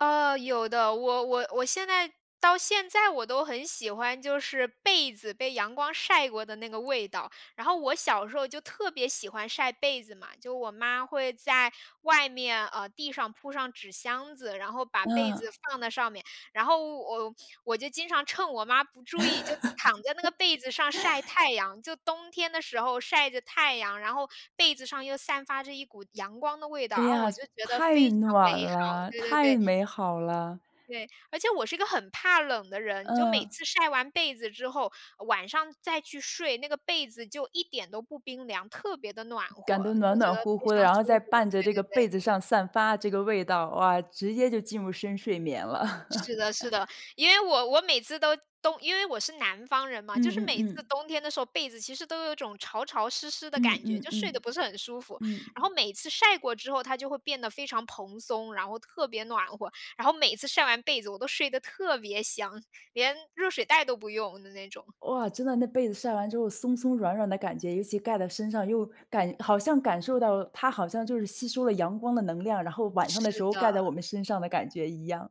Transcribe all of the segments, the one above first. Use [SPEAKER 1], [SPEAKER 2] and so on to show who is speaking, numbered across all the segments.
[SPEAKER 1] 呃，有的，我我我现在到现在我都很喜欢，就是被子被阳光晒过的那个味道，然后我小时候就特别喜欢晒被子嘛，就我妈会在外面，呃，地上铺上纸箱子，然后把被子
[SPEAKER 2] 嗯。
[SPEAKER 1] 放在上面，然后我我就经常趁我妈不注意就躺在那个被子上晒 太阳，就冬天的时候晒着太阳，然后被子上又散发着一股阳光的味道，
[SPEAKER 2] 哎
[SPEAKER 1] 然后
[SPEAKER 2] 呀，
[SPEAKER 1] 我就觉得
[SPEAKER 2] 太
[SPEAKER 1] 非常
[SPEAKER 2] 暖
[SPEAKER 1] 美好，
[SPEAKER 2] 了，
[SPEAKER 1] 对对
[SPEAKER 2] 太
[SPEAKER 1] 对。
[SPEAKER 2] 美好了。
[SPEAKER 1] 对，而且我是个很怕冷的人，就每
[SPEAKER 2] 嗯。
[SPEAKER 1] 次晒完被子之后，晚上再去睡，那个被子就一点都不冰凉，特别地暖
[SPEAKER 2] 感
[SPEAKER 1] 和，
[SPEAKER 2] 到
[SPEAKER 1] 就
[SPEAKER 2] 暖
[SPEAKER 1] 觉
[SPEAKER 2] 暖
[SPEAKER 1] 得
[SPEAKER 2] 乎
[SPEAKER 1] 非
[SPEAKER 2] 乎的，
[SPEAKER 1] 常
[SPEAKER 2] 然后
[SPEAKER 1] 舒
[SPEAKER 2] 在
[SPEAKER 1] 服。
[SPEAKER 2] 伴着
[SPEAKER 1] 对
[SPEAKER 2] 这个
[SPEAKER 1] 对对。
[SPEAKER 2] 被子上散发这个味道，哇！直接就进入深睡眠了。
[SPEAKER 1] 是 的，是的，因为我我每次都冬因为我是南方人嘛，
[SPEAKER 2] 嗯
[SPEAKER 1] 就是
[SPEAKER 2] 嗯
[SPEAKER 1] 每次
[SPEAKER 2] 嗯。
[SPEAKER 1] 冬天的时候，被子其实都有种潮潮湿湿的
[SPEAKER 2] 嗯
[SPEAKER 1] 感觉，
[SPEAKER 2] 嗯
[SPEAKER 1] 就睡
[SPEAKER 2] 嗯，
[SPEAKER 1] 得不是很舒服，
[SPEAKER 2] 嗯。
[SPEAKER 1] 然后每次晒过之后，它就会变得非常蓬松，然后特别暖和，然后每次晒完被子，我都睡得特别香，连热水袋都不用的那种。
[SPEAKER 2] 哇！真的那被子晒完之后，松松软软的感觉，尤其盖在身上又感好像感受到，它好像就是吸收了阳光的能量，然后晚上的时
[SPEAKER 1] 是
[SPEAKER 2] 候
[SPEAKER 1] 的。
[SPEAKER 2] 盖在我们身上的感觉一样。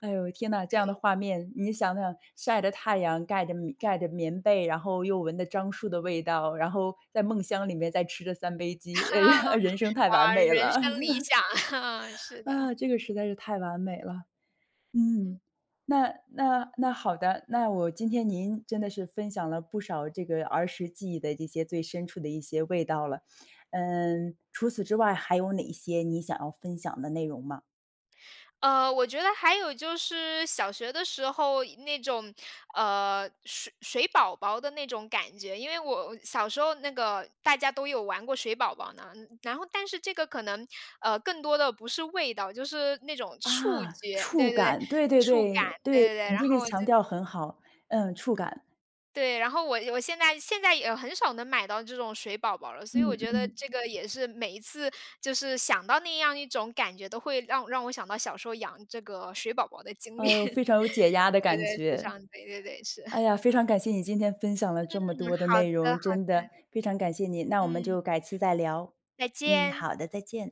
[SPEAKER 2] 哎呦，天呐，这样
[SPEAKER 1] 对。
[SPEAKER 2] 的画面，你想想晒着太阳，盖着棉盖着棉被，然后又闻着樟树的味道，然后在梦乡里面再吃着三杯鸡，诶，人生太完
[SPEAKER 1] 啊，
[SPEAKER 2] 美
[SPEAKER 1] 人
[SPEAKER 2] 了。
[SPEAKER 1] 生理想，啊，是的。
[SPEAKER 2] 啊，这个实在是太完美了。
[SPEAKER 1] 嗯。
[SPEAKER 2] 嗯，那那那好的，那我今天您真的是分享了不少这个儿时记忆的一些最深处的一些味道了，嗯，除此之外，还有哪些你想要分享的内容吗？
[SPEAKER 1] 呃，我觉得还有就是小学的时候那种，呃，水水宝宝的那种感觉，因为我小时候那个大家都有玩过水宝宝呢，然后但是这个可能，呃，更多的不是味道，就是那种触
[SPEAKER 2] 啊，
[SPEAKER 1] 觉，
[SPEAKER 2] 触
[SPEAKER 1] 对对对，
[SPEAKER 2] 感，对对
[SPEAKER 1] 触感，
[SPEAKER 2] 对
[SPEAKER 1] 对
[SPEAKER 2] 对，
[SPEAKER 1] 对对，
[SPEAKER 2] 你
[SPEAKER 1] 然
[SPEAKER 2] 这个
[SPEAKER 1] 后
[SPEAKER 2] 强
[SPEAKER 1] 就
[SPEAKER 2] 调很好，嗯，触感。
[SPEAKER 1] 对，然后我我现在现在也很少能买到这种水宝宝了，所以
[SPEAKER 2] 嗯
[SPEAKER 1] 我觉得
[SPEAKER 2] 嗯。
[SPEAKER 1] 这个也是每一次，就是想到那样一种感觉，都会让让我想到小时候养这个水宝宝的经历。
[SPEAKER 2] 呃，非常有解压的
[SPEAKER 1] 对
[SPEAKER 2] 感
[SPEAKER 1] 对，非
[SPEAKER 2] 觉。
[SPEAKER 1] 常，对对对，是。
[SPEAKER 2] 哎 呀，非常感谢你今天分享了
[SPEAKER 1] 嗯，
[SPEAKER 2] 这么多的
[SPEAKER 1] 好
[SPEAKER 2] 内
[SPEAKER 1] 的，
[SPEAKER 2] 容，
[SPEAKER 1] 好
[SPEAKER 2] 真的
[SPEAKER 1] 的。
[SPEAKER 2] 非常感谢你，那我们
[SPEAKER 1] 嗯。
[SPEAKER 2] 就改次再聊。
[SPEAKER 1] 再
[SPEAKER 2] 嗯，
[SPEAKER 1] 见。
[SPEAKER 2] 好的，再见。